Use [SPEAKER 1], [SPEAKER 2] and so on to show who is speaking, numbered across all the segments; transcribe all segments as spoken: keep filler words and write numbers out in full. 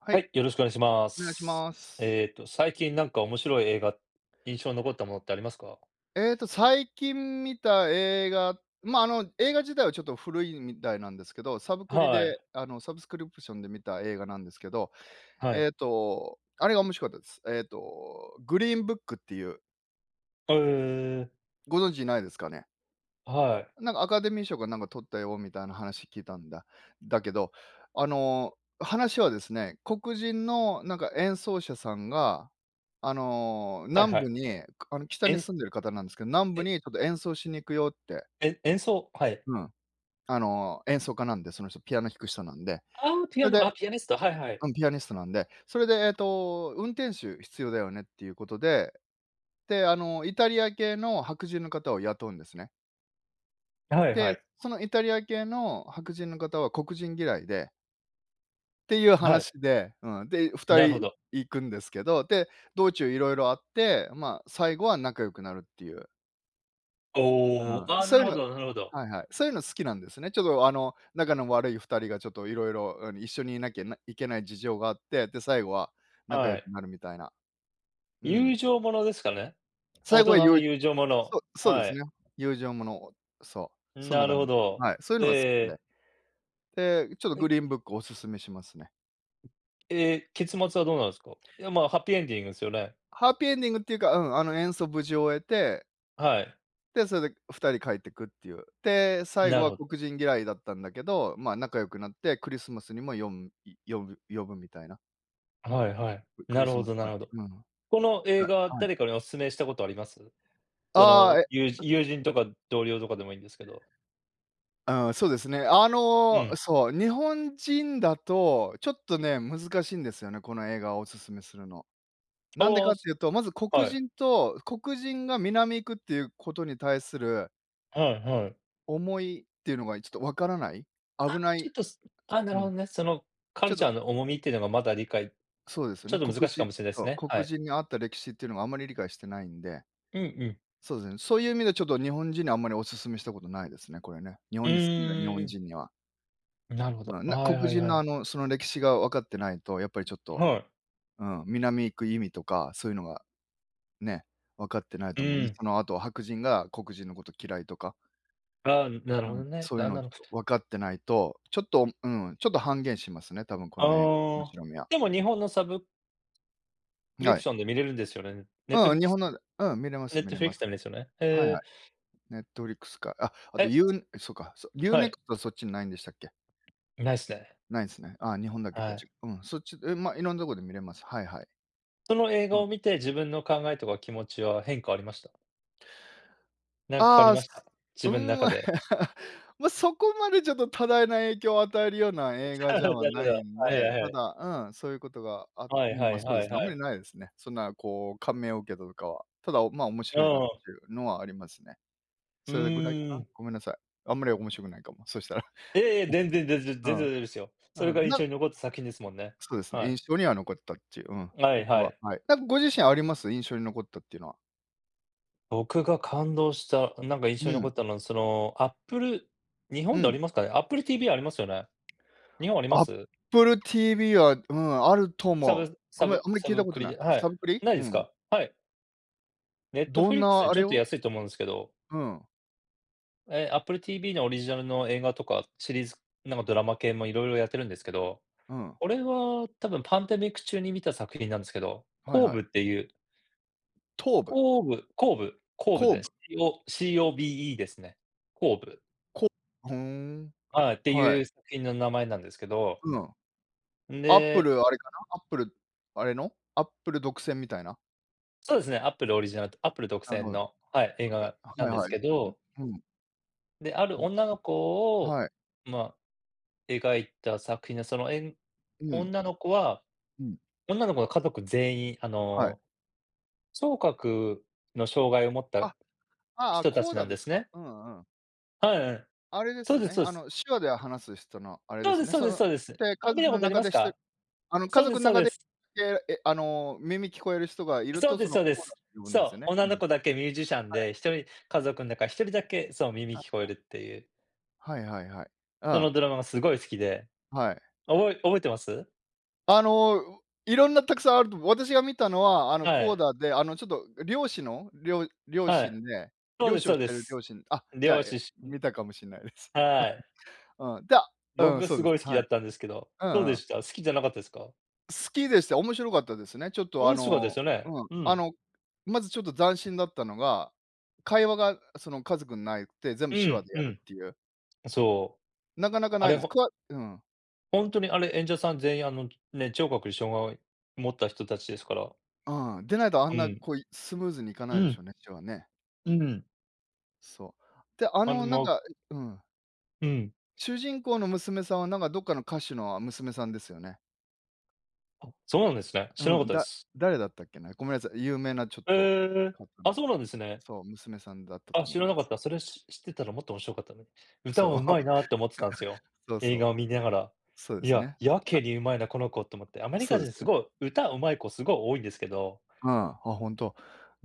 [SPEAKER 1] は
[SPEAKER 2] は
[SPEAKER 1] い、
[SPEAKER 2] い、よろしくお願いしま
[SPEAKER 1] お願いし
[SPEAKER 2] す。
[SPEAKER 1] ます。
[SPEAKER 2] えっと、最近なんか面白い映画、印象に残ったものってありますか？
[SPEAKER 1] えっと、最近観た映画、まあ、あの映画自体はちょっと古いみたいなんですけど、サブクリ
[SPEAKER 2] は
[SPEAKER 1] で
[SPEAKER 2] い。
[SPEAKER 1] あのサブスクリプションで観た映画なんですけど、
[SPEAKER 2] はい。
[SPEAKER 1] えっと、あれが面白かったです。えっと、グリーンブックっていう。
[SPEAKER 2] は、ええ。
[SPEAKER 1] ご存知ないですかね？
[SPEAKER 2] はい。
[SPEAKER 1] なんか、アカデミー賞がなんか獲ったよみたいな話聞いたんだ。だけど、あの、話はですね、黒人のなんか演奏者さんが、あの、
[SPEAKER 2] はい
[SPEAKER 1] 南
[SPEAKER 2] はい。
[SPEAKER 1] 部に、あの北に
[SPEAKER 2] え
[SPEAKER 1] 住んでる方なんですけど、南部
[SPEAKER 2] え。
[SPEAKER 1] にちょっと演奏しに行くよって。
[SPEAKER 2] え演奏、はい。
[SPEAKER 1] うん。あの、演奏家なんで、その人、ピアノ弾く人なんで。
[SPEAKER 2] ああ、ピ
[SPEAKER 1] そ
[SPEAKER 2] ア
[SPEAKER 1] れで
[SPEAKER 2] ノ、あ、ピアニスト、はいはい。
[SPEAKER 1] うん、ピアニストなんで、それでえっと、運転手必要だよねっていうことで。で、あの、イタリア系の白人の方を雇うんですね。
[SPEAKER 2] はいは
[SPEAKER 1] で、
[SPEAKER 2] い。
[SPEAKER 1] そのイタリア系の白人の方は黒人嫌いでていう
[SPEAKER 2] はい。
[SPEAKER 1] 話で、うん、で二
[SPEAKER 2] なるほ
[SPEAKER 1] 人
[SPEAKER 2] ど。
[SPEAKER 1] 行くんですけど、で、道中いろいろあって、ま、最後は仲良くなるっていう。う
[SPEAKER 2] おお、
[SPEAKER 1] ん、
[SPEAKER 2] ああ、
[SPEAKER 1] そ
[SPEAKER 2] な
[SPEAKER 1] うい
[SPEAKER 2] る
[SPEAKER 1] う
[SPEAKER 2] ほ
[SPEAKER 1] の
[SPEAKER 2] どなるほど。
[SPEAKER 1] はいはい。そういうの、好きなんですね。ちょっとあの、仲の悪い二人がちょっと、色々、うん、一緒にいなきゃないけない事情があって、で、最後は仲良
[SPEAKER 2] は
[SPEAKER 1] く
[SPEAKER 2] い。
[SPEAKER 1] なるみたいな。うん。
[SPEAKER 2] 友情ものですかね？
[SPEAKER 1] 最
[SPEAKER 2] 大
[SPEAKER 1] 後
[SPEAKER 2] 人
[SPEAKER 1] はよ
[SPEAKER 2] の
[SPEAKER 1] い
[SPEAKER 2] 友情もの、
[SPEAKER 1] そうそうで
[SPEAKER 2] は
[SPEAKER 1] す
[SPEAKER 2] い。
[SPEAKER 1] ね。友情ものをそう、
[SPEAKER 2] うん、
[SPEAKER 1] そんな
[SPEAKER 2] な
[SPEAKER 1] 感
[SPEAKER 2] る
[SPEAKER 1] じ
[SPEAKER 2] ほ
[SPEAKER 1] で。
[SPEAKER 2] ど、
[SPEAKER 1] はい、そういうのが好き
[SPEAKER 2] え
[SPEAKER 1] で。
[SPEAKER 2] え。
[SPEAKER 1] で、ちょっと
[SPEAKER 2] え
[SPEAKER 1] グリーンブックをお勧めしますね。
[SPEAKER 2] ええ、結末はどうなんすか？いや、ま、ハッピーエンディングすよね？
[SPEAKER 1] ハッピーエンディングっていうか、うん、あの、演奏無事終えて
[SPEAKER 2] はい。
[SPEAKER 1] で、それで二人帰ってくっていう。で、最後
[SPEAKER 2] なる
[SPEAKER 1] は
[SPEAKER 2] ほど。
[SPEAKER 1] 黒人嫌いだったんだけど、まあ、仲良くなってクリスマスにも呼ん呼ぶ呼ぶみたいな。
[SPEAKER 2] はいはい、
[SPEAKER 1] ク
[SPEAKER 2] な
[SPEAKER 1] リ
[SPEAKER 2] る
[SPEAKER 1] ス
[SPEAKER 2] ほ
[SPEAKER 1] マス
[SPEAKER 2] どな
[SPEAKER 1] パー
[SPEAKER 2] る
[SPEAKER 1] テ
[SPEAKER 2] ほど。
[SPEAKER 1] ィうん。
[SPEAKER 2] この映
[SPEAKER 1] あ、
[SPEAKER 2] 画は
[SPEAKER 1] はい。
[SPEAKER 2] 誰かにお勧めしたことあります？そ
[SPEAKER 1] あ
[SPEAKER 2] の、
[SPEAKER 1] あ、え
[SPEAKER 2] ゆう友人とか同僚とかでもいいんですけど。
[SPEAKER 1] ああ、そうですね。あ
[SPEAKER 2] う
[SPEAKER 1] の
[SPEAKER 2] ん。
[SPEAKER 1] そう、日本人だとちょっとね、難しいんですよね、この映画をお勧めするの。なんで
[SPEAKER 2] あ
[SPEAKER 1] か
[SPEAKER 2] あ、
[SPEAKER 1] っ
[SPEAKER 2] そ
[SPEAKER 1] ていうと、まず黒
[SPEAKER 2] はい。
[SPEAKER 1] 人と、黒人が南行くっていうことに対する
[SPEAKER 2] はいはい。
[SPEAKER 1] 思いっていうのが、いちょっと分からない、
[SPEAKER 2] あ、
[SPEAKER 1] 危な
[SPEAKER 2] ちょ
[SPEAKER 1] い
[SPEAKER 2] っと、すあ、な
[SPEAKER 1] う
[SPEAKER 2] る
[SPEAKER 1] ん。
[SPEAKER 2] ほどね。そのカ
[SPEAKER 1] ちょ
[SPEAKER 2] ル
[SPEAKER 1] っ
[SPEAKER 2] チャ
[SPEAKER 1] と
[SPEAKER 2] ーの重みってのが、まだ理解、
[SPEAKER 1] そうですよ
[SPEAKER 2] ちょ
[SPEAKER 1] ね。
[SPEAKER 2] っと
[SPEAKER 1] 黒
[SPEAKER 2] 難しか
[SPEAKER 1] 人
[SPEAKER 2] もしれないで
[SPEAKER 1] そ
[SPEAKER 2] す
[SPEAKER 1] う、
[SPEAKER 2] ね、は
[SPEAKER 1] 黒
[SPEAKER 2] い。
[SPEAKER 1] 人にあった歴史っていうのは、あんまり理解してないんで。
[SPEAKER 2] うんうん。
[SPEAKER 1] そうですね。そういう意味で、ちょっと日本人にあんまりお勧めしたことないですね、これね。日
[SPEAKER 2] う
[SPEAKER 1] 本に住んでる日本
[SPEAKER 2] ーん。
[SPEAKER 1] 人には。
[SPEAKER 2] なるほ
[SPEAKER 1] まあ、
[SPEAKER 2] ど、あ、
[SPEAKER 1] な、
[SPEAKER 2] は
[SPEAKER 1] 黒
[SPEAKER 2] いはい
[SPEAKER 1] 人
[SPEAKER 2] は
[SPEAKER 1] の、あ
[SPEAKER 2] い。
[SPEAKER 1] の、その歴史がわかってないと、やっぱりちょっと
[SPEAKER 2] はい。
[SPEAKER 1] うん、南行く意味とか、そういうのが、ね、分かってない
[SPEAKER 2] う
[SPEAKER 1] と思うん
[SPEAKER 2] ー
[SPEAKER 1] で。
[SPEAKER 2] ん。
[SPEAKER 1] その、あと、白人が黒人のこと嫌いとか。
[SPEAKER 2] ああ、うん、なる
[SPEAKER 1] う
[SPEAKER 2] ほ
[SPEAKER 1] ん、
[SPEAKER 2] どね、
[SPEAKER 1] そういう
[SPEAKER 2] が
[SPEAKER 1] のを
[SPEAKER 2] な
[SPEAKER 1] ち
[SPEAKER 2] るぷ
[SPEAKER 1] ょっ
[SPEAKER 2] と。
[SPEAKER 1] と分かってないと、ちょっと、うん、ちょっと半減しますね、多分、こ
[SPEAKER 2] あ
[SPEAKER 1] の映おもし
[SPEAKER 2] あ、
[SPEAKER 1] ろみが。
[SPEAKER 2] でも日本のサブクリ
[SPEAKER 1] は
[SPEAKER 2] プ
[SPEAKER 1] い。
[SPEAKER 2] ションで観れるんですよね。ネット
[SPEAKER 1] う
[SPEAKER 2] フ
[SPEAKER 1] ん、
[SPEAKER 2] リッ
[SPEAKER 1] 日
[SPEAKER 2] ク
[SPEAKER 1] 本
[SPEAKER 2] ス
[SPEAKER 1] のでうん、観れま
[SPEAKER 2] ネ
[SPEAKER 1] す、
[SPEAKER 2] ッ
[SPEAKER 1] 観
[SPEAKER 2] ト
[SPEAKER 1] れ
[SPEAKER 2] フリッ
[SPEAKER 1] ま
[SPEAKER 2] クス
[SPEAKER 1] す。
[SPEAKER 2] なんですよね。
[SPEAKER 1] はいは
[SPEAKER 2] へえ。
[SPEAKER 1] い。ネットフリックスか、あ、あと
[SPEAKER 2] え。
[SPEAKER 1] ユーそっか、ユー
[SPEAKER 2] は
[SPEAKER 1] ネ
[SPEAKER 2] い。
[SPEAKER 1] クストそっちにないんでしたっけ？
[SPEAKER 2] ないっすね。
[SPEAKER 1] ないすね。ああ、日本だけ
[SPEAKER 2] は
[SPEAKER 1] か。じ
[SPEAKER 2] い。
[SPEAKER 1] ゃうん、そっちでま、いろんなとこで観れます。はいはい。
[SPEAKER 2] その、映
[SPEAKER 1] う
[SPEAKER 2] 画
[SPEAKER 1] ん。
[SPEAKER 2] を観て、自分の考えとか気持ちは変化ありました？なんか変
[SPEAKER 1] あ
[SPEAKER 2] わり
[SPEAKER 1] あ、
[SPEAKER 2] ま
[SPEAKER 1] す
[SPEAKER 2] し
[SPEAKER 1] か
[SPEAKER 2] た？
[SPEAKER 1] う
[SPEAKER 2] 自
[SPEAKER 1] ー
[SPEAKER 2] 分の
[SPEAKER 1] ん。
[SPEAKER 2] 中で。
[SPEAKER 1] ま、そこまでちょっと多大な影響を与えるような映画じゃ
[SPEAKER 2] な
[SPEAKER 1] はない
[SPEAKER 2] るほど。
[SPEAKER 1] ん
[SPEAKER 2] はい
[SPEAKER 1] で、
[SPEAKER 2] はい
[SPEAKER 1] た
[SPEAKER 2] はい。
[SPEAKER 1] だ、うん、そういうことがあ
[SPEAKER 2] は
[SPEAKER 1] う
[SPEAKER 2] い
[SPEAKER 1] ん、
[SPEAKER 2] は
[SPEAKER 1] ま、
[SPEAKER 2] い
[SPEAKER 1] そうで
[SPEAKER 2] はい
[SPEAKER 1] すね、
[SPEAKER 2] は
[SPEAKER 1] あんまり
[SPEAKER 2] い。
[SPEAKER 1] ないですね。そんな、こう、感銘を受けたとかは。ただ、ま、面
[SPEAKER 2] う
[SPEAKER 1] 白いなっ
[SPEAKER 2] ー
[SPEAKER 1] て
[SPEAKER 2] ん。
[SPEAKER 1] いうのはありますね。
[SPEAKER 2] う
[SPEAKER 1] それぐらいか
[SPEAKER 2] ー
[SPEAKER 1] な。
[SPEAKER 2] ん。
[SPEAKER 1] ごめんなさい。あんまり面白くないかも、そしたら。
[SPEAKER 2] いやいや、全然全 然、
[SPEAKER 1] う
[SPEAKER 2] 全然大丈夫ですよ。それ
[SPEAKER 1] ん。
[SPEAKER 2] が
[SPEAKER 1] うん、
[SPEAKER 2] 印
[SPEAKER 1] な
[SPEAKER 2] 象に残った作品ですもんね。
[SPEAKER 1] そうですね。
[SPEAKER 2] はい。
[SPEAKER 1] 印象には残ったっちゅう。うん、
[SPEAKER 2] はい
[SPEAKER 1] 他
[SPEAKER 2] は
[SPEAKER 1] は
[SPEAKER 2] い。
[SPEAKER 1] はい。なんかご自身あります？印象に残ったっていうのは。
[SPEAKER 2] 僕が感動した、なんか、印
[SPEAKER 1] う
[SPEAKER 2] 象に残
[SPEAKER 1] ん。
[SPEAKER 2] ったのは、その、アップル日
[SPEAKER 1] う
[SPEAKER 2] 本であり
[SPEAKER 1] ん。
[SPEAKER 2] ますかね。アップル TV ありますよね？日本ありま
[SPEAKER 1] アッ
[SPEAKER 2] す？
[SPEAKER 1] プル TV は、うん、あると
[SPEAKER 2] サ
[SPEAKER 1] 思う。
[SPEAKER 2] ブ
[SPEAKER 1] ご
[SPEAKER 2] サ
[SPEAKER 1] めん、
[SPEAKER 2] ブ
[SPEAKER 1] あんまり
[SPEAKER 2] サ
[SPEAKER 1] 聞いた
[SPEAKER 2] ブ
[SPEAKER 1] こ
[SPEAKER 2] ク
[SPEAKER 1] と
[SPEAKER 2] リ
[SPEAKER 1] ない。
[SPEAKER 2] ではい、
[SPEAKER 1] サブクリ？
[SPEAKER 2] ない
[SPEAKER 1] う
[SPEAKER 2] です
[SPEAKER 1] ん。
[SPEAKER 2] か？はい。ネット
[SPEAKER 1] ど
[SPEAKER 2] フ
[SPEAKER 1] ん
[SPEAKER 2] リックスよ
[SPEAKER 1] な
[SPEAKER 2] り、
[SPEAKER 1] あ
[SPEAKER 2] ちょ
[SPEAKER 1] れ
[SPEAKER 2] っと
[SPEAKER 1] を？
[SPEAKER 2] 安いと思うんですけど。
[SPEAKER 1] うん。
[SPEAKER 2] ええ、アップル TV のオリジナルの映画とか、シリーズ、なんか、ドラマ系も色々やってるんですけど、
[SPEAKER 1] うん。
[SPEAKER 2] 俺は、多分パンデミック中に観た作品なんですけど、
[SPEAKER 1] はい
[SPEAKER 2] コー
[SPEAKER 1] は
[SPEAKER 2] ブ
[SPEAKER 1] い。
[SPEAKER 2] っていう
[SPEAKER 1] トーブ？
[SPEAKER 2] コーブ、コーブ、コーブ
[SPEAKER 1] コー
[SPEAKER 2] で
[SPEAKER 1] ブ？
[SPEAKER 2] す。CO COBE ですね。コーブ。
[SPEAKER 1] コふーん、
[SPEAKER 2] はい、って
[SPEAKER 1] は
[SPEAKER 2] いう
[SPEAKER 1] い。
[SPEAKER 2] 作品の名前なんですけど。
[SPEAKER 1] うん。
[SPEAKER 2] ん
[SPEAKER 1] アップ
[SPEAKER 2] で
[SPEAKER 1] ル、あれかな。アップル、あれの？アップル独占みたいな。
[SPEAKER 2] そうですね、アップルオリジナルアップル独
[SPEAKER 1] なる
[SPEAKER 2] 占
[SPEAKER 1] ほど。
[SPEAKER 2] の、はい、映
[SPEAKER 1] [unintelligible]
[SPEAKER 2] 画な
[SPEAKER 1] は
[SPEAKER 2] ん
[SPEAKER 1] い
[SPEAKER 2] です
[SPEAKER 1] はい。
[SPEAKER 2] け
[SPEAKER 1] う、
[SPEAKER 2] ど。
[SPEAKER 1] うん。
[SPEAKER 2] で、ある女の
[SPEAKER 1] [unintelligible]
[SPEAKER 2] 子を、
[SPEAKER 1] はい。
[SPEAKER 2] まあ、描いた作品で、そのえん
[SPEAKER 1] うん。
[SPEAKER 2] 女の子は
[SPEAKER 1] うん。
[SPEAKER 2] 女の子の家族全員、あ
[SPEAKER 1] はい。
[SPEAKER 2] の、聴覚の障害を持っ
[SPEAKER 1] あ、
[SPEAKER 2] た
[SPEAKER 1] ああ、
[SPEAKER 2] 人た
[SPEAKER 1] コー
[SPEAKER 2] ちな
[SPEAKER 1] ダ
[SPEAKER 2] ん
[SPEAKER 1] で
[SPEAKER 2] で
[SPEAKER 1] す
[SPEAKER 2] す
[SPEAKER 1] か。
[SPEAKER 2] ね。
[SPEAKER 1] うんうん。
[SPEAKER 2] はいはい。
[SPEAKER 1] あれで
[SPEAKER 2] そう
[SPEAKER 1] す
[SPEAKER 2] です、
[SPEAKER 1] ね。
[SPEAKER 2] そう
[SPEAKER 1] あ
[SPEAKER 2] す。
[SPEAKER 1] の、手話で話す人のあれで
[SPEAKER 2] そう
[SPEAKER 1] す
[SPEAKER 2] です、
[SPEAKER 1] ね。
[SPEAKER 2] そう
[SPEAKER 1] そ
[SPEAKER 2] です、
[SPEAKER 1] の
[SPEAKER 2] そうです。
[SPEAKER 1] で、
[SPEAKER 2] あ、
[SPEAKER 1] 家
[SPEAKER 2] 観
[SPEAKER 1] 族
[SPEAKER 2] たこ
[SPEAKER 1] の
[SPEAKER 2] とあり
[SPEAKER 1] 中
[SPEAKER 2] ま
[SPEAKER 1] で
[SPEAKER 2] す
[SPEAKER 1] ひと
[SPEAKER 2] か？
[SPEAKER 1] あの、
[SPEAKER 2] そ
[SPEAKER 1] 家
[SPEAKER 2] うで
[SPEAKER 1] 族
[SPEAKER 2] す、
[SPEAKER 1] の
[SPEAKER 2] そう
[SPEAKER 1] 中
[SPEAKER 2] で
[SPEAKER 1] で、き
[SPEAKER 2] す。
[SPEAKER 1] けえ、あの、耳聞こえる人がいる
[SPEAKER 2] そう
[SPEAKER 1] と、
[SPEAKER 2] で
[SPEAKER 1] そ
[SPEAKER 2] す
[SPEAKER 1] の、
[SPEAKER 2] そうで
[SPEAKER 1] コーダ
[SPEAKER 2] す。
[SPEAKER 1] って呼ぶんで
[SPEAKER 2] そ
[SPEAKER 1] すよ
[SPEAKER 2] う、
[SPEAKER 1] ね。
[SPEAKER 2] 女
[SPEAKER 1] うん、
[SPEAKER 2] の
[SPEAKER 1] は
[SPEAKER 2] 子
[SPEAKER 1] い。
[SPEAKER 2] だけミュージシャンで、ひとり、家族ん中ひとりだけそう、耳
[SPEAKER 1] はい
[SPEAKER 2] 聞こえ
[SPEAKER 1] はい。
[SPEAKER 2] るっていう。
[SPEAKER 1] はいはいはい。う
[SPEAKER 2] そ
[SPEAKER 1] ん。
[SPEAKER 2] のドラマがすごい好きで、
[SPEAKER 1] はい。
[SPEAKER 2] 覚え覚えてます？
[SPEAKER 1] あの、いろんなたくさんあると思う。私が観たのは、あの、
[SPEAKER 2] は
[SPEAKER 1] コー
[SPEAKER 2] い。
[SPEAKER 1] ダで、あの、ちょっと、漁師のりょう両
[SPEAKER 2] はい。
[SPEAKER 1] 親で、
[SPEAKER 2] そう
[SPEAKER 1] 漁
[SPEAKER 2] です、
[SPEAKER 1] 師を
[SPEAKER 2] そう
[SPEAKER 1] し
[SPEAKER 2] で
[SPEAKER 1] てる
[SPEAKER 2] す。
[SPEAKER 1] 両親あ、じゃあ、
[SPEAKER 2] 漁
[SPEAKER 1] え、
[SPEAKER 2] 師し
[SPEAKER 1] 観
[SPEAKER 2] に
[SPEAKER 1] たかもしんないです。
[SPEAKER 2] はい。
[SPEAKER 1] うん、がうん、
[SPEAKER 2] 僕、
[SPEAKER 1] そう
[SPEAKER 2] す
[SPEAKER 1] で
[SPEAKER 2] ご
[SPEAKER 1] す。
[SPEAKER 2] い好き
[SPEAKER 1] は
[SPEAKER 2] だ
[SPEAKER 1] い。
[SPEAKER 2] ったんですけど、
[SPEAKER 1] う
[SPEAKER 2] どう
[SPEAKER 1] んう
[SPEAKER 2] で
[SPEAKER 1] ん。
[SPEAKER 2] した？好きじゃなかったですか？
[SPEAKER 1] 好きでした。面白かったですね。ちょっと、
[SPEAKER 2] お
[SPEAKER 1] あ
[SPEAKER 2] んしゅわです
[SPEAKER 1] の
[SPEAKER 2] よね。
[SPEAKER 1] うん、
[SPEAKER 2] う
[SPEAKER 1] あ
[SPEAKER 2] ん。
[SPEAKER 1] の、まず、ちょっと斬新だったのが、会話がその家族内で全
[SPEAKER 2] う
[SPEAKER 1] 部手話
[SPEAKER 2] ん
[SPEAKER 1] でや
[SPEAKER 2] う
[SPEAKER 1] る
[SPEAKER 2] ん。
[SPEAKER 1] っていう。
[SPEAKER 2] そう。
[SPEAKER 1] なかなか
[SPEAKER 2] あ
[SPEAKER 1] ない
[SPEAKER 2] れ
[SPEAKER 1] です。く
[SPEAKER 2] ほ
[SPEAKER 1] わうん。
[SPEAKER 2] ほんとにあれ、演者さん全員あの、ね、聴覚に障害持った人たちですから。
[SPEAKER 1] うーん。でないとあん
[SPEAKER 2] う
[SPEAKER 1] な、
[SPEAKER 2] ん。
[SPEAKER 1] こう、いスムーズにいか
[SPEAKER 2] う
[SPEAKER 1] ないでし
[SPEAKER 2] ん。
[SPEAKER 1] ょうね、手話ね。
[SPEAKER 2] うーん。
[SPEAKER 1] そう。で、あの、なん
[SPEAKER 2] [unintelligible]
[SPEAKER 1] か、いうん。
[SPEAKER 2] うん。
[SPEAKER 1] 主人公の娘さんはなんか、どっかの歌手の、あ、娘さんですよね。
[SPEAKER 2] あ、そうなんですね。知らなか
[SPEAKER 1] う
[SPEAKER 2] っ
[SPEAKER 1] ん、
[SPEAKER 2] たで
[SPEAKER 1] だ
[SPEAKER 2] す。
[SPEAKER 1] 誰だったっけな。ごめんなさい。有名なちょっと
[SPEAKER 2] ええ。
[SPEAKER 1] 方
[SPEAKER 2] あ、
[SPEAKER 1] の
[SPEAKER 2] そうなんですね。
[SPEAKER 1] そう、娘さんだった
[SPEAKER 2] あ、
[SPEAKER 1] と思
[SPEAKER 2] 知
[SPEAKER 1] い
[SPEAKER 2] ら
[SPEAKER 1] ま
[SPEAKER 2] なかっ
[SPEAKER 1] す。
[SPEAKER 2] た。それし知ってたらもっと面白かったのに。「歌
[SPEAKER 1] そ
[SPEAKER 2] は
[SPEAKER 1] う。
[SPEAKER 2] 上手いな」って思ってたんですよ、
[SPEAKER 1] そうそ
[SPEAKER 2] 映
[SPEAKER 1] う。
[SPEAKER 2] 画を観にゃがら。
[SPEAKER 1] そうで
[SPEAKER 2] 「い
[SPEAKER 1] す
[SPEAKER 2] や、
[SPEAKER 1] ね。
[SPEAKER 2] やけにうまいな、この子」と思って。アメリ
[SPEAKER 1] そう
[SPEAKER 2] カ
[SPEAKER 1] で
[SPEAKER 2] 人、
[SPEAKER 1] す
[SPEAKER 2] す
[SPEAKER 1] ね。
[SPEAKER 2] ごい歌上手い子、すごい多いんですけど。
[SPEAKER 1] うん、あ、ほんと。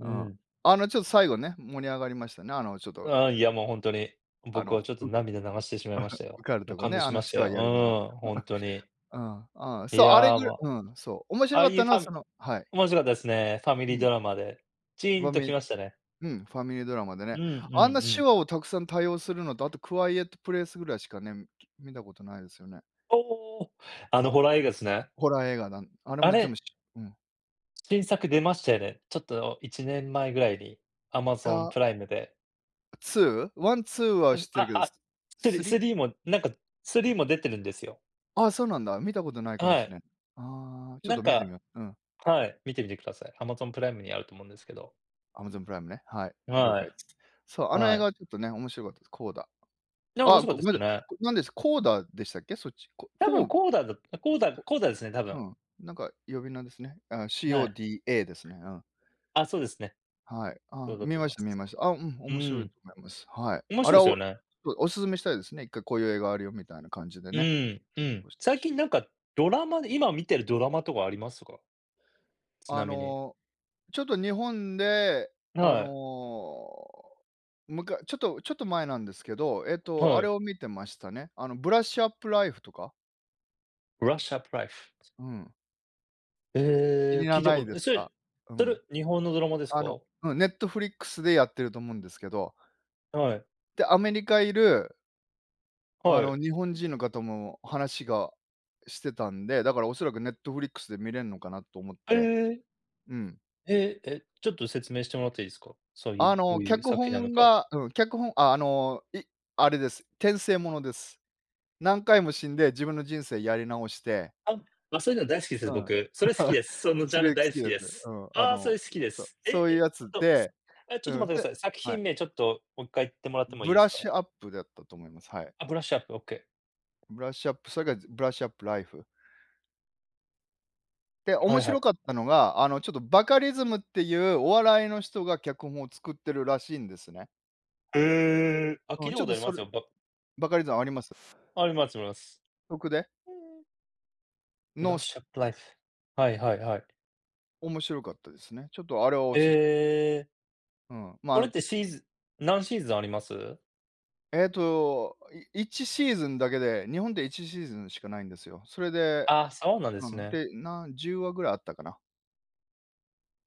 [SPEAKER 1] うん。
[SPEAKER 2] ん。
[SPEAKER 1] あの、ちょっと最後ね、盛り上がりましたね。あのちょっと
[SPEAKER 2] ああ、いや、もうほんとに。
[SPEAKER 1] あ
[SPEAKER 2] 僕は
[SPEAKER 1] の、
[SPEAKER 2] ちょっ
[SPEAKER 1] う、
[SPEAKER 2] と 涙流してしまいました
[SPEAKER 1] 受
[SPEAKER 2] よ。
[SPEAKER 1] かる
[SPEAKER 2] も
[SPEAKER 1] と
[SPEAKER 2] う
[SPEAKER 1] こ
[SPEAKER 2] 感
[SPEAKER 1] ね、
[SPEAKER 2] 動
[SPEAKER 1] あ
[SPEAKER 2] し
[SPEAKER 1] の
[SPEAKER 2] まし
[SPEAKER 1] 手
[SPEAKER 2] たよ。
[SPEAKER 1] 話
[SPEAKER 2] う
[SPEAKER 1] やるには。
[SPEAKER 2] ーん、ほんとに。
[SPEAKER 1] うん、うん、
[SPEAKER 2] い
[SPEAKER 1] そう、あれぐ
[SPEAKER 2] や、ま、
[SPEAKER 1] うん、そう。面
[SPEAKER 2] あ
[SPEAKER 1] 白
[SPEAKER 2] あ
[SPEAKER 1] かっ
[SPEAKER 2] いう
[SPEAKER 1] た
[SPEAKER 2] フ
[SPEAKER 1] のは、
[SPEAKER 2] ァ
[SPEAKER 1] そ
[SPEAKER 2] ミ
[SPEAKER 1] のはい。
[SPEAKER 2] 面白かったですね、ファミ
[SPEAKER 1] う
[SPEAKER 2] リー
[SPEAKER 1] ん。
[SPEAKER 2] ドラマで。ち
[SPEAKER 1] フ
[SPEAKER 2] ーん
[SPEAKER 1] ァ
[SPEAKER 2] と
[SPEAKER 1] ミ
[SPEAKER 2] 来ましたね。
[SPEAKER 1] うん、ファミリードラマで
[SPEAKER 2] う
[SPEAKER 1] ね。
[SPEAKER 2] んう
[SPEAKER 1] あん
[SPEAKER 2] ん
[SPEAKER 1] な
[SPEAKER 2] う
[SPEAKER 1] 手
[SPEAKER 2] ん。
[SPEAKER 1] 話をたくさん多用するのと、あとクワイエットプレイスぐらいしかね、観たことないですよね。
[SPEAKER 2] おお！あ
[SPEAKER 1] ク
[SPEAKER 2] のホラー映画すね。
[SPEAKER 1] ホラー映画なんあれ
[SPEAKER 2] あ
[SPEAKER 1] も全
[SPEAKER 2] れ
[SPEAKER 1] 部しちゃうん。
[SPEAKER 2] 新作出ましたよね。ちょっといちねんまえぐらいに、アマゾン
[SPEAKER 1] あ。
[SPEAKER 2] プライムで。
[SPEAKER 1] ツー？ワン、ツーは知
[SPEAKER 2] う、
[SPEAKER 1] って
[SPEAKER 2] あ
[SPEAKER 1] るけど、ス
[SPEAKER 2] あ、
[SPEAKER 1] ス
[SPEAKER 2] ス
[SPEAKER 1] リ
[SPEAKER 2] スリーも、なんか、スリーも出てるんですよ。
[SPEAKER 1] あ、そうなんだ。観たことないかも
[SPEAKER 2] は
[SPEAKER 1] し
[SPEAKER 2] い。
[SPEAKER 1] れん。ああ、ちょっ
[SPEAKER 2] なん
[SPEAKER 1] と観てみ
[SPEAKER 2] か
[SPEAKER 1] よ。うん。
[SPEAKER 2] はい、観てみてください。アマゾンプライムにあると思うんですけど。
[SPEAKER 1] アマゾンプライムね、はい、了
[SPEAKER 2] は
[SPEAKER 1] 解。
[SPEAKER 2] い。
[SPEAKER 1] そう、あの映
[SPEAKER 2] は
[SPEAKER 1] 画
[SPEAKER 2] い。
[SPEAKER 1] はちょっとね、面白かったです。コーダ。
[SPEAKER 2] でも面
[SPEAKER 1] あ、
[SPEAKER 2] 白かっ
[SPEAKER 1] ご
[SPEAKER 2] た
[SPEAKER 1] ご
[SPEAKER 2] で
[SPEAKER 1] めんな
[SPEAKER 2] す
[SPEAKER 1] さ
[SPEAKER 2] よ
[SPEAKER 1] い、
[SPEAKER 2] ね。
[SPEAKER 1] こ何です、コーダでしたっけ？そっち。こ
[SPEAKER 2] 多
[SPEAKER 1] こ
[SPEAKER 2] 分
[SPEAKER 1] う
[SPEAKER 2] コーダだった、コーダ、
[SPEAKER 1] こ
[SPEAKER 2] コーダですね、多
[SPEAKER 1] う
[SPEAKER 2] 分。
[SPEAKER 1] ん。なんか、呼び名ですね。あ、
[SPEAKER 2] はい。
[SPEAKER 1] CODA ですね。うん。
[SPEAKER 2] あ、そうですね。
[SPEAKER 1] はい、
[SPEAKER 2] そ
[SPEAKER 1] あ、
[SPEAKER 2] うだ
[SPEAKER 1] 観
[SPEAKER 2] と思
[SPEAKER 1] ま
[SPEAKER 2] い
[SPEAKER 1] し
[SPEAKER 2] ま
[SPEAKER 1] た、観
[SPEAKER 2] す。
[SPEAKER 1] ました。あ、うん、
[SPEAKER 2] う
[SPEAKER 1] 面
[SPEAKER 2] ー
[SPEAKER 1] 白い
[SPEAKER 2] ん。
[SPEAKER 1] と思います。はい。
[SPEAKER 2] 面
[SPEAKER 1] あ
[SPEAKER 2] 白
[SPEAKER 1] れ
[SPEAKER 2] いで
[SPEAKER 1] は、
[SPEAKER 2] すよ
[SPEAKER 1] お
[SPEAKER 2] ね。
[SPEAKER 1] そ、お勧めしたいですね、いっかいこういう映画あるよみたいな感じで
[SPEAKER 2] う
[SPEAKER 1] ね。
[SPEAKER 2] ーん、うん。最近なんかドラマで、今観てるドラマとかありますか？ち
[SPEAKER 1] あ
[SPEAKER 2] なみに。
[SPEAKER 1] の、ちょっと日本で、あ
[SPEAKER 2] はい。
[SPEAKER 1] の、むかちょっとちょっと前なんですけど、えっと、
[SPEAKER 2] は
[SPEAKER 1] あれ
[SPEAKER 2] い。
[SPEAKER 1] を観てましたね、あの、ブラッシュアップライフとか。
[SPEAKER 2] ブラッシュアップライフ。
[SPEAKER 1] うん。知
[SPEAKER 2] え
[SPEAKER 1] に
[SPEAKER 2] え。聞
[SPEAKER 1] ら
[SPEAKER 2] いた
[SPEAKER 1] な
[SPEAKER 2] こ
[SPEAKER 1] い
[SPEAKER 2] と
[SPEAKER 1] で
[SPEAKER 2] え、
[SPEAKER 1] す
[SPEAKER 2] それ、
[SPEAKER 1] か、う
[SPEAKER 2] と
[SPEAKER 1] ん。
[SPEAKER 2] る日本のドラマです
[SPEAKER 1] あ
[SPEAKER 2] か？
[SPEAKER 1] のうん、ネットフリックスでやってると思うんですけど。
[SPEAKER 2] はい。
[SPEAKER 1] で、アメリカいるあ
[SPEAKER 2] は
[SPEAKER 1] の、
[SPEAKER 2] い。
[SPEAKER 1] 日本人の方も話がしてたんで、だからおそらくネットフリックスで観れんのかなっと思っ
[SPEAKER 2] へ
[SPEAKER 1] て。
[SPEAKER 2] え。
[SPEAKER 1] うん。
[SPEAKER 2] へえ。え、ちょっと説明してもらっていいすか？そうい
[SPEAKER 1] あ
[SPEAKER 2] うど
[SPEAKER 1] の、
[SPEAKER 2] ういう
[SPEAKER 1] 脚
[SPEAKER 2] 作品なの
[SPEAKER 1] 本
[SPEAKER 2] か。
[SPEAKER 1] がうん、脚本あ、あの、いあれです。転生ものです。何回も死んで自分の人生やり直して。
[SPEAKER 2] あ、ま、そういうの大好きです、
[SPEAKER 1] うん。
[SPEAKER 2] 僕。それ好き です。そのジ
[SPEAKER 1] す
[SPEAKER 2] ャンル
[SPEAKER 1] げ好き
[SPEAKER 2] 大好き
[SPEAKER 1] です。
[SPEAKER 2] で
[SPEAKER 1] う
[SPEAKER 2] す。
[SPEAKER 1] ん。あ
[SPEAKER 2] ああ、そ
[SPEAKER 1] の、
[SPEAKER 2] れ好
[SPEAKER 1] う
[SPEAKER 2] きで
[SPEAKER 1] そ、
[SPEAKER 2] す。え、
[SPEAKER 1] そういう
[SPEAKER 2] え、
[SPEAKER 1] や
[SPEAKER 2] ちょ
[SPEAKER 1] つ
[SPEAKER 2] っと、す
[SPEAKER 1] で
[SPEAKER 2] あ、ちょっと
[SPEAKER 1] うん、
[SPEAKER 2] 待ってくだ
[SPEAKER 1] で
[SPEAKER 2] さい、作
[SPEAKER 1] はい。
[SPEAKER 2] 品名ちょっと、もっ回言ってもらってもいい
[SPEAKER 1] ブ
[SPEAKER 2] で
[SPEAKER 1] ラッ
[SPEAKER 2] すか？
[SPEAKER 1] シュアップだったと思います。はい。
[SPEAKER 2] あ、ブラッシュアップ。オッケー。
[SPEAKER 1] ブラッシュアップ、それか、ブラッシュアップライフ。で、
[SPEAKER 2] は
[SPEAKER 1] 面
[SPEAKER 2] いは
[SPEAKER 1] 白
[SPEAKER 2] い。
[SPEAKER 1] かったのが、あの、ちょっとバカリズムっていうお笑いの人が脚本を作ってるらしいんですね。
[SPEAKER 2] へえ、あ、聞
[SPEAKER 1] うん、
[SPEAKER 2] いた
[SPEAKER 1] ちょっ
[SPEAKER 2] こと
[SPEAKER 1] と
[SPEAKER 2] あり
[SPEAKER 1] そ
[SPEAKER 2] ま
[SPEAKER 1] れ
[SPEAKER 2] すよ、バ
[SPEAKER 1] バカリズムあります？
[SPEAKER 2] ありますあります。
[SPEAKER 1] とくで？
[SPEAKER 2] うんうん。ブ
[SPEAKER 1] の
[SPEAKER 2] ラッ
[SPEAKER 1] す
[SPEAKER 2] シュアップライフ。はいはいはい。
[SPEAKER 1] 面白かったですね。ちょっとあれを
[SPEAKER 2] へ
[SPEAKER 1] 推す。
[SPEAKER 2] え。
[SPEAKER 1] うん、ま、あ
[SPEAKER 2] これ
[SPEAKER 1] の、
[SPEAKER 2] っ
[SPEAKER 1] て
[SPEAKER 2] てシーズ何シーズンあります？
[SPEAKER 1] ええと、いいちシーズンだけで、日本でいちシーズンしかないんですよ。それで
[SPEAKER 2] ああ、そうなんで
[SPEAKER 1] う
[SPEAKER 2] す
[SPEAKER 1] ん、
[SPEAKER 2] ね。
[SPEAKER 1] で、なんじゅうわぐらいあったかな。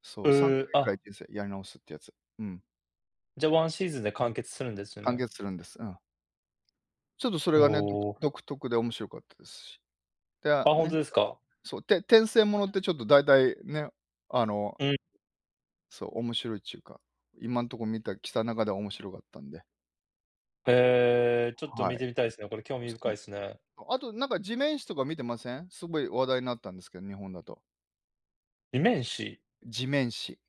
[SPEAKER 1] そうさんか
[SPEAKER 2] へ
[SPEAKER 1] い
[SPEAKER 2] え、
[SPEAKER 1] ぐらい
[SPEAKER 2] あ。
[SPEAKER 1] 転生、やり直すっていうやつ。うん。
[SPEAKER 2] じゃ、ワンシーズンで完結するんですよ
[SPEAKER 1] 完
[SPEAKER 2] ね？
[SPEAKER 1] 結するんです。うん。ちょっとそれ
[SPEAKER 2] お
[SPEAKER 1] がね、どく
[SPEAKER 2] お。
[SPEAKER 1] 独特で面白かったですし。で
[SPEAKER 2] あ、
[SPEAKER 1] あ
[SPEAKER 2] ほん
[SPEAKER 1] ね
[SPEAKER 2] と
[SPEAKER 1] か
[SPEAKER 2] ですか？
[SPEAKER 1] そう、て転生ものってちょっと大体ね、あの
[SPEAKER 2] うん。
[SPEAKER 1] そう、面白いっちゅうか、今んとこ観たきた中で面白かったんで。
[SPEAKER 2] へえ、ちょっと
[SPEAKER 1] は
[SPEAKER 2] 観
[SPEAKER 1] い。
[SPEAKER 2] てみたいすね。これ興味深い
[SPEAKER 1] [unintelligible]
[SPEAKER 2] すね。
[SPEAKER 1] あとなんか、地面師とか観てません？すごい話題なったんですけど、日本だと。
[SPEAKER 2] 地面師？
[SPEAKER 1] 地面師、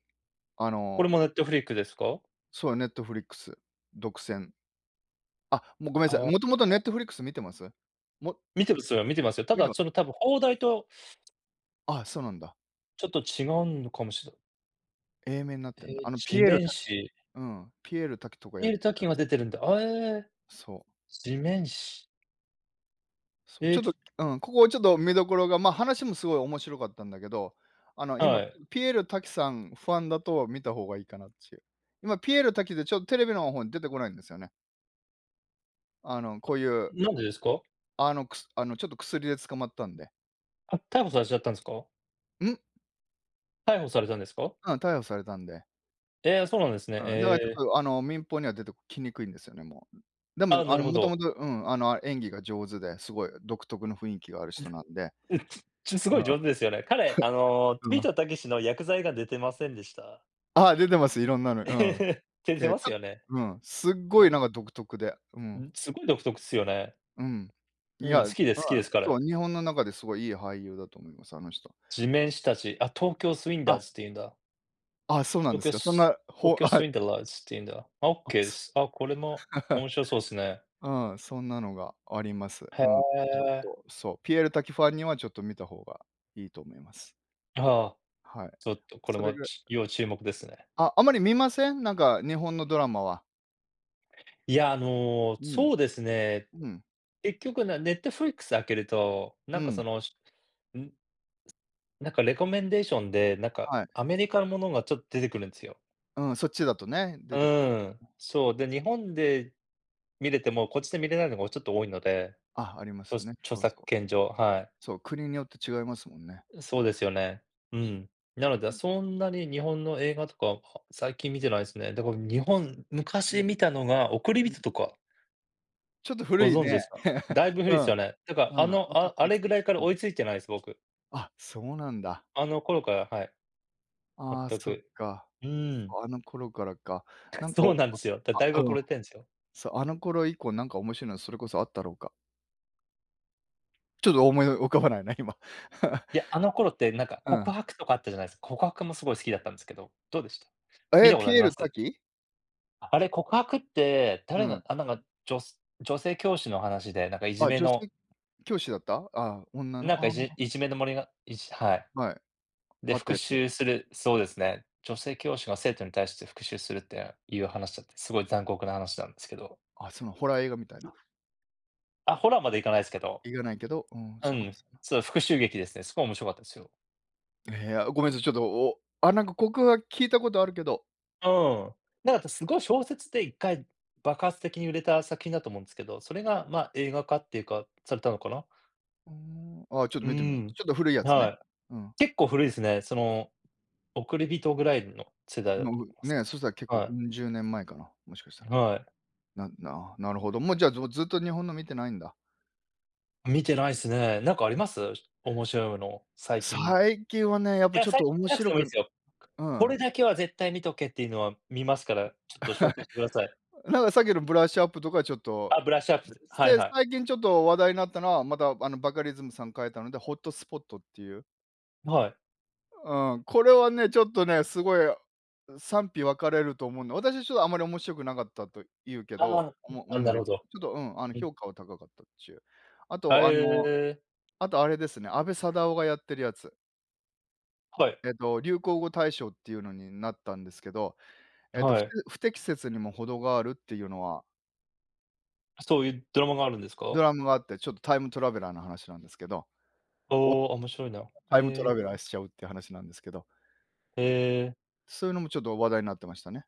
[SPEAKER 1] あ
[SPEAKER 2] これ
[SPEAKER 1] の
[SPEAKER 2] もネットフリックですか？
[SPEAKER 1] そう、ネットフリックス、独占。あ、もう、ごめん
[SPEAKER 2] あ
[SPEAKER 1] なさい。
[SPEAKER 2] あ、
[SPEAKER 1] もと
[SPEAKER 2] あ。
[SPEAKER 1] もとネットフリックス観てます？も
[SPEAKER 2] 観てますよ、観たてます。た
[SPEAKER 1] 観て
[SPEAKER 2] だ、
[SPEAKER 1] ます？
[SPEAKER 2] その、多分邦題と
[SPEAKER 1] あ、そうなんだ。
[SPEAKER 2] ちょっと違うんのかもしれない。
[SPEAKER 1] 英名なってんだ。
[SPEAKER 2] え、
[SPEAKER 1] あのピ
[SPEAKER 2] 地
[SPEAKER 1] エール
[SPEAKER 2] 面
[SPEAKER 1] 瀧。
[SPEAKER 2] 師。
[SPEAKER 1] うん、ピエール瀧とか
[SPEAKER 2] ピ
[SPEAKER 1] や
[SPEAKER 2] エー
[SPEAKER 1] っ
[SPEAKER 2] ル
[SPEAKER 1] てる
[SPEAKER 2] 瀧
[SPEAKER 1] や
[SPEAKER 2] が
[SPEAKER 1] つ。
[SPEAKER 2] 出てるんだ、あ、え。
[SPEAKER 1] そ。
[SPEAKER 2] 地面師。
[SPEAKER 1] そ、ちょっ
[SPEAKER 2] え。
[SPEAKER 1] と、うん、ここ、ちょっと見どころが、ま、話もすごい面白かったんだけど、あの、
[SPEAKER 2] は
[SPEAKER 1] 今
[SPEAKER 2] い。
[SPEAKER 1] ピエール瀧さんファンだと観た方がいいかなっちゅう。今ピエール瀧でちょっテレビの方に出てこないんですよね。あの、こういう
[SPEAKER 2] なんでですか？
[SPEAKER 1] あの、くすあの、ちょっと薬で捕まったんで。
[SPEAKER 2] あ、逮捕されちゃったんですか？
[SPEAKER 1] ん？
[SPEAKER 2] 逮捕されたんですか？
[SPEAKER 1] うん、逮捕されたんで。
[SPEAKER 2] ええ、そうなんですね、
[SPEAKER 1] うん、だから
[SPEAKER 2] え
[SPEAKER 1] ちょっ
[SPEAKER 2] え。
[SPEAKER 1] と、あの、民放には出てきにくいんですよね、もう。でも、
[SPEAKER 2] ああ、な
[SPEAKER 1] あの、
[SPEAKER 2] るほ
[SPEAKER 1] もとも
[SPEAKER 2] ど。
[SPEAKER 1] と、うん、あの、あ演技が上手で、すごい独特の雰囲気がある人
[SPEAKER 2] ん
[SPEAKER 1] なんで。
[SPEAKER 2] ちゅ、ちゅすご
[SPEAKER 1] うん。
[SPEAKER 2] い上手ですよね。彼、あの、ビ
[SPEAKER 1] う
[SPEAKER 2] ー
[SPEAKER 1] ん。
[SPEAKER 2] トたけしのやくざ映画出てませんでした？
[SPEAKER 1] あ、出てます。いろんなの、うん。
[SPEAKER 2] てて
[SPEAKER 1] け
[SPEAKER 2] ます
[SPEAKER 1] た
[SPEAKER 2] よね。
[SPEAKER 1] うん、すっご
[SPEAKER 2] な
[SPEAKER 1] い
[SPEAKER 2] ん
[SPEAKER 1] なん
[SPEAKER 2] か
[SPEAKER 1] か独特で、う
[SPEAKER 2] う
[SPEAKER 1] ん。
[SPEAKER 2] ん、すごい独特っすよね。
[SPEAKER 1] うん。い
[SPEAKER 2] うん、
[SPEAKER 1] や、
[SPEAKER 2] 好きです、好き
[SPEAKER 1] ま
[SPEAKER 2] です、
[SPEAKER 1] そう、
[SPEAKER 2] 彼。
[SPEAKER 1] 日本の中ですごい、いい俳優だと思います、あの人。
[SPEAKER 2] 地面師たち、あ、東京スウィンダ
[SPEAKER 1] あ。
[SPEAKER 2] ーズっていうんだ。
[SPEAKER 1] あ、そうなんですか。そん
[SPEAKER 2] Lucas、
[SPEAKER 1] な、ほ
[SPEAKER 2] Lucas Swindlers ていうんだ。あ、オッケ ーです。あ、これも面 白そうっすね。
[SPEAKER 1] うん、そんなのがあります。
[SPEAKER 2] へ
[SPEAKER 1] うん。ちょっ
[SPEAKER 2] え。
[SPEAKER 1] と、そう、ピエール瀧ファンにはちょっと観た方がいいと思います。
[SPEAKER 2] はあ、
[SPEAKER 1] はい。
[SPEAKER 2] ちょっとこれ
[SPEAKER 1] それ
[SPEAKER 2] も、
[SPEAKER 1] ぐら
[SPEAKER 2] ち要注目ですね。
[SPEAKER 1] あ、あまり観ません？なんか日本のドラマは。
[SPEAKER 2] いや、あの、
[SPEAKER 1] うん、
[SPEAKER 2] そうですね。
[SPEAKER 1] うん。
[SPEAKER 2] 結局なネットフリックス開けると、な
[SPEAKER 1] う
[SPEAKER 2] んか
[SPEAKER 1] ん。
[SPEAKER 2] そのん？なんか、レコメンデーションで、なんか、
[SPEAKER 1] はい。
[SPEAKER 2] アメリカのものがちょっと出てくるんですよ。
[SPEAKER 1] うん、そっちだとね、出てき
[SPEAKER 2] うん、
[SPEAKER 1] うん。
[SPEAKER 2] そう、で、日本で観れても、こっちで観れないのがちょっと多いので
[SPEAKER 1] あ、ありま
[SPEAKER 2] そう、
[SPEAKER 1] すね。
[SPEAKER 2] 著
[SPEAKER 1] そう
[SPEAKER 2] 作
[SPEAKER 1] そう。
[SPEAKER 2] 権上、はい。
[SPEAKER 1] そう、国によって違いますもんね。
[SPEAKER 2] そうですよね。うん。なの
[SPEAKER 1] う
[SPEAKER 2] で
[SPEAKER 1] ん。
[SPEAKER 2] そんなに日本の映画とかは、最近観てないですね。だから日本、
[SPEAKER 1] う
[SPEAKER 2] 昔
[SPEAKER 1] ん。
[SPEAKER 2] 観たのが、おくり
[SPEAKER 1] う
[SPEAKER 2] びと
[SPEAKER 1] ん。
[SPEAKER 2] とか。
[SPEAKER 1] ちょっと古
[SPEAKER 2] ご
[SPEAKER 1] い
[SPEAKER 2] 存知で
[SPEAKER 1] ね。
[SPEAKER 2] すか？だいぶ
[SPEAKER 1] う
[SPEAKER 2] 古いっす
[SPEAKER 1] ん。
[SPEAKER 2] よね。だから
[SPEAKER 1] うん。
[SPEAKER 2] あ
[SPEAKER 1] も
[SPEAKER 2] の、
[SPEAKER 1] と
[SPEAKER 2] ああれぐらいから 追いついてないです、僕。
[SPEAKER 1] あ、そうなんだ。
[SPEAKER 2] あの頃から、はい。
[SPEAKER 1] ああ、
[SPEAKER 2] 全
[SPEAKER 1] そっ
[SPEAKER 2] く。
[SPEAKER 1] か。
[SPEAKER 2] うーん。
[SPEAKER 1] そうあの頃からか。なんか、
[SPEAKER 2] そう
[SPEAKER 1] お
[SPEAKER 2] なんですよ。だ
[SPEAKER 1] あ
[SPEAKER 2] だいぶ
[SPEAKER 1] あ、う
[SPEAKER 2] 遅
[SPEAKER 1] ん。
[SPEAKER 2] れてんすよ。
[SPEAKER 1] そう、あの頃以降なんか面白いのそれこそあったろうか？ちょっと思い浮かばないね、今。
[SPEAKER 2] いや、あの頃ってなんか
[SPEAKER 1] うん。
[SPEAKER 2] 告白とかあったじゃないす告白もすごい好きだったんすけど、どうでした？観
[SPEAKER 1] え、
[SPEAKER 2] たこと
[SPEAKER 1] ピ
[SPEAKER 2] あり
[SPEAKER 1] エー
[SPEAKER 2] ま
[SPEAKER 1] ル
[SPEAKER 2] す？
[SPEAKER 1] 瀧？
[SPEAKER 2] あれ告白って、
[SPEAKER 1] う
[SPEAKER 2] 誰が
[SPEAKER 1] ん。
[SPEAKER 2] あ、なんか、じょす女性教師の話で、なんかいじ
[SPEAKER 1] あ、
[SPEAKER 2] め
[SPEAKER 1] 女
[SPEAKER 2] の。
[SPEAKER 1] 性教師だった？ああ、女
[SPEAKER 2] なん
[SPEAKER 1] の
[SPEAKER 2] か、
[SPEAKER 1] あ
[SPEAKER 2] いじ
[SPEAKER 1] あ。
[SPEAKER 2] いじめのもりがいじはい。
[SPEAKER 1] はい。
[SPEAKER 2] で、
[SPEAKER 1] あった
[SPEAKER 2] 復
[SPEAKER 1] やつ。
[SPEAKER 2] 讐する。そうですね、女性教師が生徒に対して復讐するっていう話だって、すごい残酷な話なんですけど。
[SPEAKER 1] あ、そのホラー映画みたいな。
[SPEAKER 2] あ、ホラーまで行かないすけど。
[SPEAKER 1] 行かないけど、うん、
[SPEAKER 2] うん、そう、復讐劇ですね。すごい面白かったですよ。
[SPEAKER 1] ええ、いや、ごめんなさい、ちょっと、おあ、なんか、告白、聞いたことあるけど。
[SPEAKER 2] うーん。なあたすごい小説でいっかい爆発的に売れた作品だと思うんですけど、それが、まあ、映画化っていうか、されたのかな？
[SPEAKER 1] ふん、あ、ちょっと
[SPEAKER 2] う
[SPEAKER 1] 観てみます。
[SPEAKER 2] ん、
[SPEAKER 1] ちょっと古いやつ
[SPEAKER 2] は
[SPEAKER 1] ね。
[SPEAKER 2] い。
[SPEAKER 1] うん。
[SPEAKER 2] 結構古いですね。その、おくりびとぐらいの世代だ
[SPEAKER 1] ま
[SPEAKER 2] と思
[SPEAKER 1] う、
[SPEAKER 2] います。
[SPEAKER 1] ね。そしたら結構、
[SPEAKER 2] はい。
[SPEAKER 1] ウンじゅうねんまえかな。もしかしたら。
[SPEAKER 2] はい。
[SPEAKER 1] なななるほど。もうじゃあ、ぞずっと日本の観てないんだ。
[SPEAKER 2] 観てないっすね。なんかあります？面白いの、最近い
[SPEAKER 1] 最近はね、やっぱ
[SPEAKER 2] や、
[SPEAKER 1] ちょっ
[SPEAKER 2] 最
[SPEAKER 1] と
[SPEAKER 2] 近じ
[SPEAKER 1] 面
[SPEAKER 2] ゃなくて
[SPEAKER 1] 白
[SPEAKER 2] もいいんで
[SPEAKER 1] く
[SPEAKER 2] すよ。
[SPEAKER 1] う
[SPEAKER 2] ここ
[SPEAKER 1] ん。
[SPEAKER 2] れだけは絶対観とけっていうのは観ますから。ちょっと紹介してください。
[SPEAKER 1] なんかさっきのブラッシュアップとかはちょっと
[SPEAKER 2] あ、ブラッシュアップ。
[SPEAKER 1] し
[SPEAKER 2] はい
[SPEAKER 1] て、
[SPEAKER 2] はい。
[SPEAKER 1] 最近ちょっと話題になったのは、また、あの、バカリズムさん書いたのでホットスポットっていう。
[SPEAKER 2] はい。
[SPEAKER 1] うん。これはね、ちょっとね。すごい、賛否分かれると思うんで。私はちょっとあんまり面白くなかったと言うけ
[SPEAKER 2] ああ、う
[SPEAKER 1] どお
[SPEAKER 2] ん。
[SPEAKER 1] も
[SPEAKER 2] あ、
[SPEAKER 1] 思うん
[SPEAKER 2] な
[SPEAKER 1] で
[SPEAKER 2] るほ
[SPEAKER 1] すけ
[SPEAKER 2] ど。
[SPEAKER 1] ど。ちょっと、うん。あの、
[SPEAKER 2] うん。
[SPEAKER 1] 評価は高かったっちゅう。あ
[SPEAKER 2] は
[SPEAKER 1] と、あの、
[SPEAKER 2] ええ。
[SPEAKER 1] あとあれですね。阿部サダヲがやってるやつ。
[SPEAKER 2] はい。
[SPEAKER 1] えっと、流行語大賞っていうのになったんですけど。えっと、
[SPEAKER 2] は
[SPEAKER 1] ふて
[SPEAKER 2] い。
[SPEAKER 1] 不適切にもほどがあるっていうのは
[SPEAKER 2] そういう、ドラマがあるんです
[SPEAKER 1] ド
[SPEAKER 2] か？
[SPEAKER 1] ラムがあって。ちょっとタイムトラベラーの話なんですけど。
[SPEAKER 2] おお、面白いな。
[SPEAKER 1] お、
[SPEAKER 2] へ
[SPEAKER 1] タイムト
[SPEAKER 2] え。
[SPEAKER 1] ラベラーしちゃうっていう話なんですけど。
[SPEAKER 2] ええ。
[SPEAKER 1] そういうのもちょっと話題になってましたね。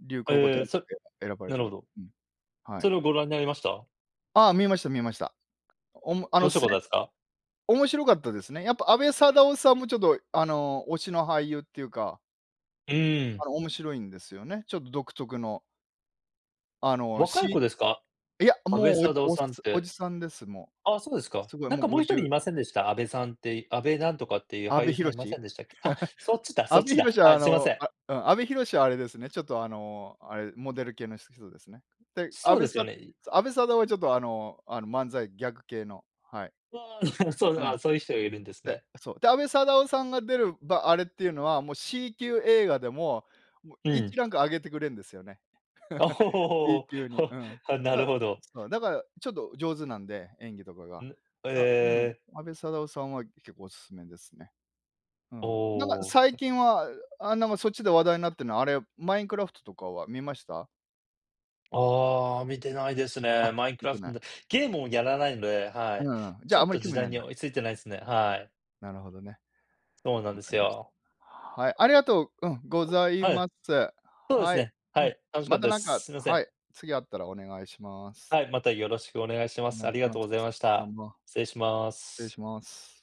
[SPEAKER 1] 流行語大
[SPEAKER 2] え
[SPEAKER 1] 賞
[SPEAKER 2] え、さ
[SPEAKER 1] で選ばれ
[SPEAKER 2] な
[SPEAKER 1] て
[SPEAKER 2] るほ
[SPEAKER 1] る。
[SPEAKER 2] ど。
[SPEAKER 1] うん。は
[SPEAKER 2] そ
[SPEAKER 1] い。
[SPEAKER 2] れをご覧になりました？
[SPEAKER 1] あ、観ました観ました。おもあの、
[SPEAKER 2] 面白
[SPEAKER 1] す
[SPEAKER 2] かったですか？
[SPEAKER 1] 面白かったですね。やっぱ安部サダヲさんもちょっとあの、推しの俳優っていうか。
[SPEAKER 2] うー
[SPEAKER 1] あ
[SPEAKER 2] ん。
[SPEAKER 1] の面白いんですよね。ちょっと独特の。あの
[SPEAKER 2] 若い子
[SPEAKER 1] し
[SPEAKER 2] ですか？
[SPEAKER 1] いや、
[SPEAKER 2] 阿部
[SPEAKER 1] もう
[SPEAKER 2] サダヲ
[SPEAKER 1] おお
[SPEAKER 2] さんっ
[SPEAKER 1] おじ
[SPEAKER 2] て。
[SPEAKER 1] さんです、も
[SPEAKER 2] あ、そうです
[SPEAKER 1] う。
[SPEAKER 2] か。
[SPEAKER 1] すごい
[SPEAKER 2] なん
[SPEAKER 1] もう
[SPEAKER 2] かも
[SPEAKER 1] ご
[SPEAKER 2] う
[SPEAKER 1] じ
[SPEAKER 2] 一
[SPEAKER 1] ゅ
[SPEAKER 2] 人い
[SPEAKER 1] う
[SPEAKER 2] ませんでした？あべさんって、あべなんとかっていう
[SPEAKER 1] 阿
[SPEAKER 2] 俳
[SPEAKER 1] 部
[SPEAKER 2] 優
[SPEAKER 1] 寛？
[SPEAKER 2] さんいませ んでしたっけ？あ、そっちだ、
[SPEAKER 1] 阿
[SPEAKER 2] そっ
[SPEAKER 1] 部
[SPEAKER 2] ちだ、
[SPEAKER 1] 寛はあ
[SPEAKER 2] あ、すいま
[SPEAKER 1] の、
[SPEAKER 2] せん。
[SPEAKER 1] あうん、阿部寛はあれですね、ちょっとあの、あれ、モデル系の人ですね。で、阿
[SPEAKER 2] そう
[SPEAKER 1] 部
[SPEAKER 2] ですよ
[SPEAKER 1] サ
[SPEAKER 2] ね。
[SPEAKER 1] 阿部サダヲはちょっと、あの、あの、漫才ギャグ系の、はい。
[SPEAKER 2] うわ、そう、
[SPEAKER 1] うん。
[SPEAKER 2] あ、そういう人がいるんです
[SPEAKER 1] で、
[SPEAKER 2] ね。
[SPEAKER 1] そう、で、阿部サダヲさんが出る、ばあれっていうのは、もう C 級映画でも、
[SPEAKER 2] う
[SPEAKER 1] 一
[SPEAKER 2] ん。
[SPEAKER 1] ランク上げてくれるんですよね。B
[SPEAKER 2] おお、
[SPEAKER 1] 級に。うん。
[SPEAKER 2] なる
[SPEAKER 1] だ、
[SPEAKER 2] ほど。
[SPEAKER 1] そうだからちょっと上手なんで、演技とかが。
[SPEAKER 2] ん、
[SPEAKER 1] あ、うん、
[SPEAKER 2] ええ。
[SPEAKER 1] 阿部サダヲさんは結構お勧めですね。う
[SPEAKER 2] お
[SPEAKER 1] ん。なんか
[SPEAKER 2] お。
[SPEAKER 1] 最近は、あ、なんかそっちで話題になってるのは、あれ、マインクラフトとかは観ました？
[SPEAKER 2] ああ、観てないです
[SPEAKER 1] あ、
[SPEAKER 2] ね。マインク
[SPEAKER 1] 観
[SPEAKER 2] ラ
[SPEAKER 1] て
[SPEAKER 2] フ
[SPEAKER 1] な
[SPEAKER 2] ト
[SPEAKER 1] い。
[SPEAKER 2] で、ゲームをやらないので、は
[SPEAKER 1] う
[SPEAKER 2] い。
[SPEAKER 1] ん、じ
[SPEAKER 2] ち
[SPEAKER 1] ゃ
[SPEAKER 2] ょ
[SPEAKER 1] あ、あん
[SPEAKER 2] っ
[SPEAKER 1] まり
[SPEAKER 2] と
[SPEAKER 1] 興
[SPEAKER 2] 時
[SPEAKER 1] 味な
[SPEAKER 2] 代
[SPEAKER 1] いん
[SPEAKER 2] に
[SPEAKER 1] だ。
[SPEAKER 2] 追いついてないですね、はい。
[SPEAKER 1] なるほどね。
[SPEAKER 2] そうなん
[SPEAKER 1] わ
[SPEAKER 2] で
[SPEAKER 1] か
[SPEAKER 2] す
[SPEAKER 1] りました。
[SPEAKER 2] よ。
[SPEAKER 1] はい、ありがとううん...ござい
[SPEAKER 2] はい。
[SPEAKER 1] ます。
[SPEAKER 2] そうです
[SPEAKER 1] はい、
[SPEAKER 2] ね、
[SPEAKER 1] う
[SPEAKER 2] は
[SPEAKER 1] ん、
[SPEAKER 2] い、楽しか
[SPEAKER 1] ま
[SPEAKER 2] った
[SPEAKER 1] た
[SPEAKER 2] で
[SPEAKER 1] なん
[SPEAKER 2] す。
[SPEAKER 1] か、
[SPEAKER 2] すみませ
[SPEAKER 1] は
[SPEAKER 2] ん。
[SPEAKER 1] い、次あったらお願いします。
[SPEAKER 2] はい、またよろしくお願いしま
[SPEAKER 1] お
[SPEAKER 2] す。
[SPEAKER 1] 願
[SPEAKER 2] あ
[SPEAKER 1] いし
[SPEAKER 2] りが
[SPEAKER 1] ま
[SPEAKER 2] とうご
[SPEAKER 1] す。
[SPEAKER 2] ざいまし
[SPEAKER 1] どう
[SPEAKER 2] た。
[SPEAKER 1] も、
[SPEAKER 2] 失礼しま
[SPEAKER 1] 失礼
[SPEAKER 2] す。
[SPEAKER 1] します。